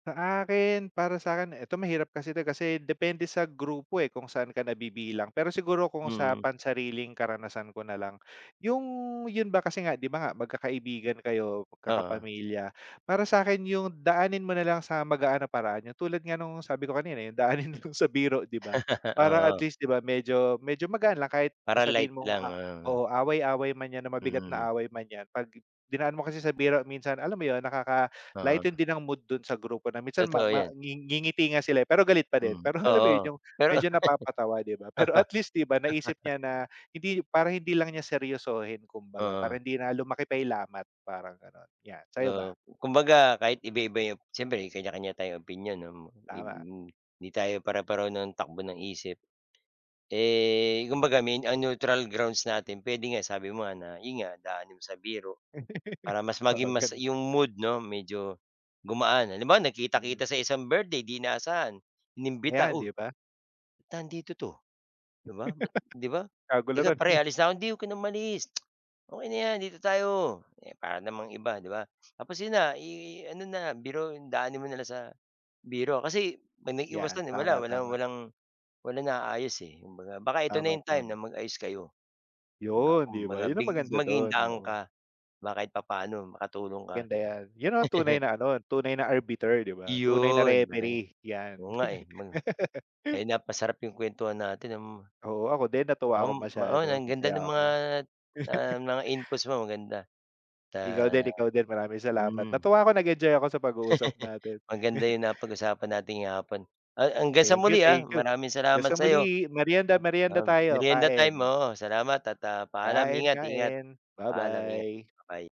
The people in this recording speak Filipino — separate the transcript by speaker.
Speaker 1: Sa akin, para sa'kin, eto mahirap kasi 'to kasi depende sa grupo eh kung saan ka nabibilang. Pero siguro kung sa
Speaker 2: Hmm.
Speaker 1: pansariling karanasan ko nalang, yung yun ba kasi nga di ba nga magkakaibigan kayo,
Speaker 2: Oo.
Speaker 1: magkakapamilya. Para sa'kin yung daanin mo nalang sa magaan na paraan, yung tulad nga ng sabi ko kanina yung daanin niyo sa biro di ba, para at
Speaker 2: Oo.
Speaker 1: least di ba, medyo medyo magaan lang kahit na
Speaker 2: Para
Speaker 1: sabihin
Speaker 2: light
Speaker 1: mong,
Speaker 2: lang, oo.
Speaker 1: oo, away-away man yan na mabigat na
Speaker 2: Mhm.
Speaker 1: away man yan p'ag dinaan mo kasi sa biro minsan, alam mo yun,
Speaker 2: Oo.
Speaker 1: nakaka-lighten din ng mood dun sa grupo na minsan ma
Speaker 2: Totoo
Speaker 1: ma
Speaker 2: yan.
Speaker 1: ngingiti nga sila eh pero galit pa din
Speaker 2: Hmm,
Speaker 1: pero, alam mo yun,
Speaker 2: oo.
Speaker 1: yung
Speaker 2: Pero
Speaker 1: medyo napapatawa di ba, pero at least di ba, naisip niya na hindi para hindi lang niya seryosohin kumbaga,
Speaker 2: Oo.
Speaker 1: para hindi na lumaki pa yung lamat parang gano'n yan, sa'yo ba?
Speaker 2: Oo, kumbaga kahit iba-iba yung siyempre may kanya kanya tayong opinyon 'no, ma ib
Speaker 1: Tama.
Speaker 2: m hindi tayo pare-pareho ng takbo ng isip. Eh, kumbaga ang neutral grounds natin puwede nga, sabi mo nga na 'yon nga, daanin mo sa biro para mas
Speaker 1: Oo,
Speaker 2: maging mas
Speaker 1: gano'n.
Speaker 2: yung mood 'no, medyo gumaan. Halimbawa,
Speaker 1: Mhm.
Speaker 2: nagkita-kita sa isang birthday 'di inaasahan, inimbita,
Speaker 1: Ayan,
Speaker 2: "O,
Speaker 1: di ba?
Speaker 2: ba't nandito 'to?" 'di ba, "ba't," 'di ba, "sige
Speaker 1: Kagulatan
Speaker 2: pare,
Speaker 1: eh.
Speaker 2: alis na ako," "Hindi, huwag ka ng umalis. Okey na 'yan, dito tayo. Para namang iba," 'di ba? Tapos 'yon na, eh ano na, biro, daanin mo na lang sa biro. Kasi 'pag nag-iiwas ka,
Speaker 1: Yan,
Speaker 2: wala walang
Speaker 1: tama-tama.
Speaker 2: walang walang naayos eh kumbaga. Baka ito na yung time
Speaker 1: Tama-tama.
Speaker 2: na mag-ayos kayo, di ba?
Speaker 1: Yun, di ba?
Speaker 2: Kumbaga,
Speaker 1: Yun ang maganda
Speaker 2: maging
Speaker 1: dun,
Speaker 2: daan
Speaker 1: oo.
Speaker 2: ka, di ba, kahit papaano makatulong ka.
Speaker 1: Ganda yan. Yun ang tunay na ano, tunay na arbiter, di ba? Tunay na
Speaker 2: Iyon, [unintelligible]
Speaker 1: referee,
Speaker 2: Oo
Speaker 1: yan.
Speaker 2: nga eh, may ay, napasarap yung kwentuhan natin m
Speaker 1: Oo, ako din, natuwa
Speaker 2: Oo,
Speaker 1: ako
Speaker 2: mao
Speaker 1: masyado.
Speaker 2: ang ganda ng
Speaker 1: Masaya
Speaker 2: mga,
Speaker 1: ako.
Speaker 2: ah, mga inputs mo, maganda. Ta
Speaker 1: Ikaw din ikaw din, maraming salamat.
Speaker 2: mm.
Speaker 1: Natuwa ko, nag-enjoy ako sa pag-uusap natin.
Speaker 2: Maganda yung napag-usapan natin ngayong hapon, ha hanggang sa
Speaker 1: Thank you,
Speaker 2: muli ha.
Speaker 1: thank you,
Speaker 2: Maraming
Speaker 1: hanggang
Speaker 2: salamat
Speaker 1: sa
Speaker 2: sa 'yo.
Speaker 1: muli. Meryenda meryenda
Speaker 2: Nam
Speaker 1: tayo,
Speaker 2: merienda time,
Speaker 1: kain.
Speaker 2: oo, salamat at, ah, paalam.
Speaker 1: Kain,
Speaker 2: Ingat-ingat.
Speaker 1: kain.
Speaker 2: Paalam. Ingat.
Speaker 1: Babay.
Speaker 2: Babay.